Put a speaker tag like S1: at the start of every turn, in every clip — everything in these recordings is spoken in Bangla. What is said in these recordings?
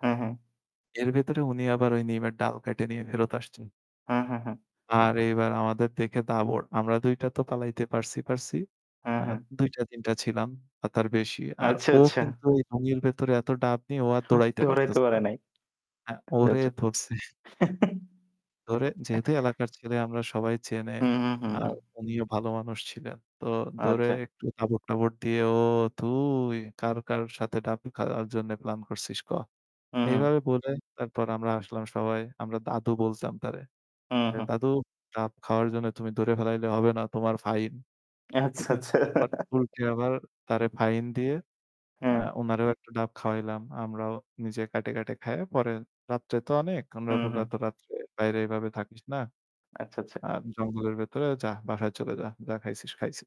S1: হুম, হুম।
S2: এর ভেতরে উনি আবার ওই নিমের ডাল কাইটে নিয়ে ফেরত আসছেন।
S1: হুম, হুম, হুম।
S2: আর এইবার আমাদের দেখে দাবর। আমরা ২ টা তো পালাইতে পারছি পারছি।
S1: হুম,
S2: আ
S1: হুম।
S2: ২ টা ৩ টা ছিলাম বা তার বেশি। আর
S1: আচ্ছা,
S2: ও
S1: আচ্ছা।
S2: কিন্তু এই লুঙ্গির ভেতরে এত ডাব নিয়ে ও আর
S1: হু
S2: দৌড়াইতে
S1: দৌড়াইতে
S2: পারতেছে না।
S1: পারে নাই।
S2: হ্যাঁ,
S1: আচ্ছা,
S2: ওরে
S1: আচ্ছা
S2: ধরছে। ধরে যেহেতু এলাকার ছেলে আমরা সবাই চেনে।
S1: হু, হু, হু।
S2: আর উনিও ভালো মানুষ ছিলেন। তো ধরে
S1: আচ্ছা।
S2: একটু তাবড়-টাবড় দিয়ে, "ও তুই কার কার সাথে ডাব খাওয়ার জন্য প্লান করছিস ক?"
S1: হু,
S2: এইভাবে
S1: হু।
S2: বলে তারপর আমরা আসলাম সবাই। আমরা দাদু বলতাম তারে।
S1: হু,
S2: "এ
S1: হু।
S2: দাদু ডাব খাওয়ার জন্য তুমি ধরে ফেলাইলে হবে না। তোমার ফাইন।"
S1: আচ্ছা, আচ্ছা।
S2: [unintelligible] আবার তারে ফাইন দিয়ে আ
S1: হুম।
S2: উনারেও একটা ডাব খাওয়াইলাম। আমরাও নিজে কাটে, কাটে খায়ে পরে "রাত্রে তো অনেক আমরা
S1: হু,
S2: [unintelligible]
S1: হু।
S2: এত রাত্রে বাইরে এভাবে থাকিস না।
S1: আচ্ছা, আচ্ছা।
S2: আর জঙ্গলের ভেতরে যা। বাসায় চলে যা। যা খাইছিস খাইছি।"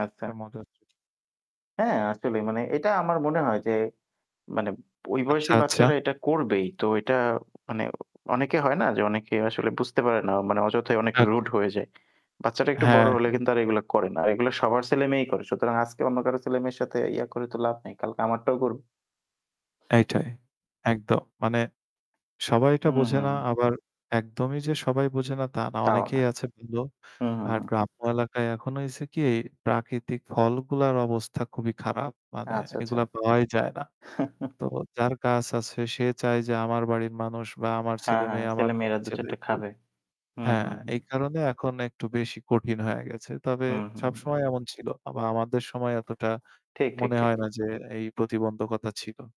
S1: আচ্ছা।
S2: একটা মজার ছিল।
S1: হ্যাঁ আসলেই মানে এটা আমার মনে হয় যে মানে ওই
S2: আচ্ছা,
S1: বয়সেই
S2: আচ্ছা।
S1: বাচ্চারা এটা করবেই। তো এটা মানে অনেকে হয় না যে অনেকে আসলে বুঝতে পারে না। মানে অযথায় অনেক রুড
S2: ওকে।
S1: হয়ে যায়। বাচ্চাটা একটু বড়
S2: হ্যাঁ।
S1: হলে কিন্তু এগুলা করে না। এগুলা সবার ছেলেমেয়েই করে। সুতরাং আজকে অন্য কারো ছেলেমেয়ের সাথে ইয়া করে তো লাভ নেই। কালকে আমারটাও করবে।
S2: এইটাই। একদম মানে সবাইটা
S1: হু,
S2: বোঝে
S1: হু।
S2: না আবার একদমই যে সবাই বোঝে না তা না।
S1: তাও না।
S2: অনেকেই আছে ভালো।
S1: হু, হু,
S2: আর
S1: হু।
S2: গ্রাম্য এলাকায় এখনো হইছে কি প্রাকৃতিক ফলগুলার অবস্থা খুবই খারাপ। মানে
S1: আচ্ছা ,আচ্ছা।
S2: এগুলা পাওয়াই যায় না। তো যার গাছ আছে সে চায় যে আমার বাড়ির মানুষ বা আমার
S1: হ্যাঁ, হ্যাঁ,
S2: ছেলেমেয়ে আমার
S1: ছেলেমেয়েরা
S2: [unintelligible]
S1: দু-চারটে
S2: একটু
S1: খাবে। হু,
S2: হ্যাঁ
S1: হু, হু।
S2: এই কারণে এখন একটু বেশি কঠিন হয়ে গেছে। তবে
S1: হু, হু, হু।
S2: সবসময় এমন ছিল। বা আমাদের সময় এতটা
S1: ঠিক, ঠিক,
S2: মনে
S1: ঠিক।
S2: হয় না যে এই প্রতিবন্ধকতা ছিল।